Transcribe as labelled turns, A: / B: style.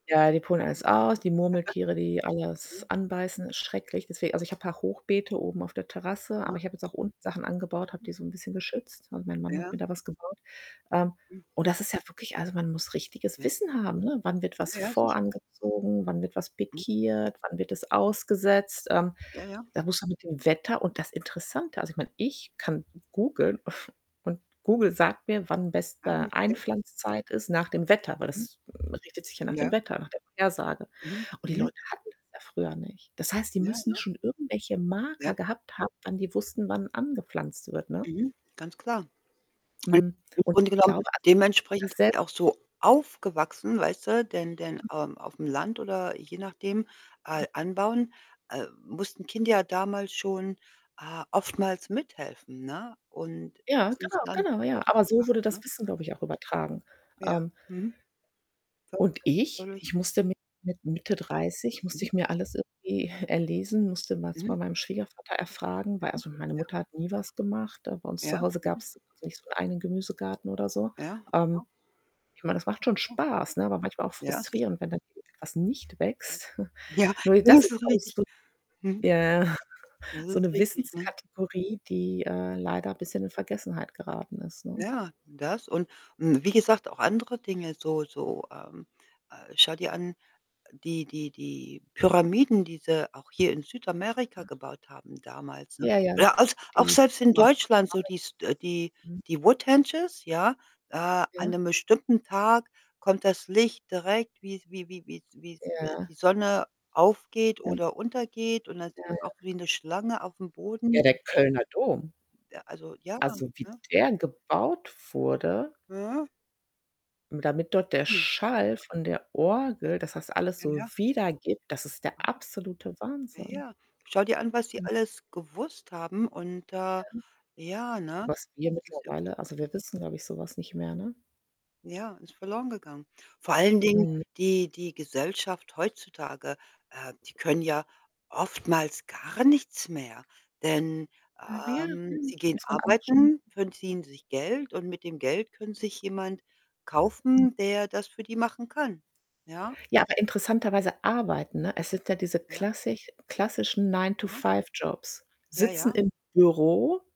A: Ja, die pulen alles aus, die
B: Aha.
A: Murmeltiere, die alles
B: Mhm.
A: anbeißen, ist schrecklich. Deswe also, ich habe
B: Ja.
A: paar Hochbeete oben auf der Terrasse,
B: Aha.
A: aber ich habe jetzt auch unten Sachen angebaut. Habe
B: Mhm.
A: die so 'n bisschen geschützt. Also, mein Mann hat mir
B: Ja.
A: da was gebaut. Ähm,
B: Hm.
A: und das ist ja wirklich also, man muss richtiges
B: Ja.
A: Wissen haben, ne? Wann wird was
B: Ja, ja,
A: vor
B: sicher.
A: angezogen? Wann wird was
B: Hm.
A: pikiert? Wann wird es
B: Hm.
A: ausgesetzt? Ähm,
B: Ja, ja.
A: da muss man mit dem Wetter und das Interessante also, ich meine, ich kann googeln und Google sagt mir, wann
B: Ange
A: beste
B: ja
A: Einpflanzzeit ist, nach dem Wetter, weil
B: Mhm.
A: das richtet sich ja nach dem
B: Ja.
A: Wetter, nach der Vorhersage.
B: Mhm.
A: Und die
B: Mhm.
A: Leute hatten das ja früher nicht. Das heißt, die
B: Ja,
A: müssen
B: ja.
A: schon irgendwelche Marker
B: Ja.
A: gehabt haben, wann die wussten, wann angepflanzt wird, ne?
B: Mhm, ganz klar. Und,
A: Mhm.
B: im
A: Und
B: Grunde
A: ich
B: genommen,
A: glaube also, ich habe das
B: dementsprechend sind die
A: selber
B: auch so aufgewachsen, weißt du? Denn denn,
A: [unintelligible]
B: ähm, auf 'm Land oder je nachdem,
A: Hm.
B: äh, anbauen, äh, mussten Kinder ja damals schon, äh, oftmals mithelfen, ne? Und
A: Ja,
B: das ist
A: genau,
B: dann
A: genau,
B: so
A: ja. Aber
B: aufgewachsen,
A: so wurde das
B: ne?
A: Wissen, glaube ich, auch übertragen.
B: Ja.
A: Ähm
B: Mhm.
A: Und
B: Focussed.
A: ich?
B: Wodurch
A: Ich musste mit mit Mitte 30 musste
B: Mhm.
A: ich mir alles irgendwie erlesen, musste was bei
B: Mhm.
A: meinem Schwiegervater erfragen, weil
B: Mhm.
A: also, meine
B: Ja.
A: Mutter hat nie was gemacht. Da bei uns
B: Ja.
A: zu Hause
B: Mhm.
A: gab's nicht so einen Gemüsegarten oder so.
B: Ja.
A: Ähm,
B: Aha.
A: ich meine, das macht schon
B: Ja.
A: Spaß, ne, aber manchmal auch
B: Ja, sicher.
A: frustrierend, wenn dann irgendwie was nicht wächst.
B: Ja,
A: Nur di das
B: das
A: ist,
B: ist
A: glaube ich,
B: richtig.
A: so
B: Mhm.
A: ja,
B: So
A: so
B: ist
A: 'ne
B: richtig, ne?
A: Wissenskategorie, die, äh, leider bisschen in Vergessenheit geraten ist, ne?
B: Ja, das. Und und wie gesagt, auch andere Dinge so so, ähm äh, schau dir an, die die die Pyramiden, die sie auch hier in Südamerika gebaut haben, damals, ne?
A: Ja, ja.
B: Oder als auch
A: Die
B: selbst in
A: waf mache
B: Deutschland so dies äh, die
A: ich Mhm.
B: die Woodhenges, ja. Äh, an
A: Ja.
B: 'nem bestimmten Tag kommt das Licht direkt wie's wie wie wie wie S äh,
A: Ja.
B: die Sonne aufgeht
A: Ja.
B: oder untergeht. Und das
A: Ja,
B: ist
A: ja.
B: auch wie 'ne Schlange auf 'm
A: Ja,
B: Boden.
A: der Kölner Dom.
B: Äh, also, ja,
A: Also, wie
B: ne?
A: der gebaut wurde damit dort der
B: Hm.
A: Schall von der Orgel dass das alles
B: Ja,
A: so
B: ja.
A: wiedergibt, das ist der absolute
B: Ja,
A: Wahnsinn.
B: ja. Schau dir an, was die
A: Hm.
B: alles gewusst haben und, äh
A: Ja.
B: ja, ne?
A: Was wir
B: Das ist irgendwie
A: mittlerweile also, wir wissen, glaube ich, so was nicht mehr, ne?
B: Ja, ist verloren gegangen. Vor allen Dingen,
A: Mhm.
B: die die Gesellschaft heutzutage, äh, die können ja oftmals gar nichts mehr, denn,
A: Ach ja, ja.
B: ähm, sie gehen
A: Muss man alles schon
B: arbeiten, verdienen sich Geld und mit dem Geld können sich jemand
A: Hm.
B: kaufen, der das für die machen kann, ja?
A: Ja, aber interessanterweise arbeiten,
B: Mhm,
A: ne? Es sind ja diese
B: ja.
A: klassich klassischen
B: Aha.
A: „Nine-to-Five Jobs“.
B: Ja,
A: Sitzen
B: ja.
A: im Büro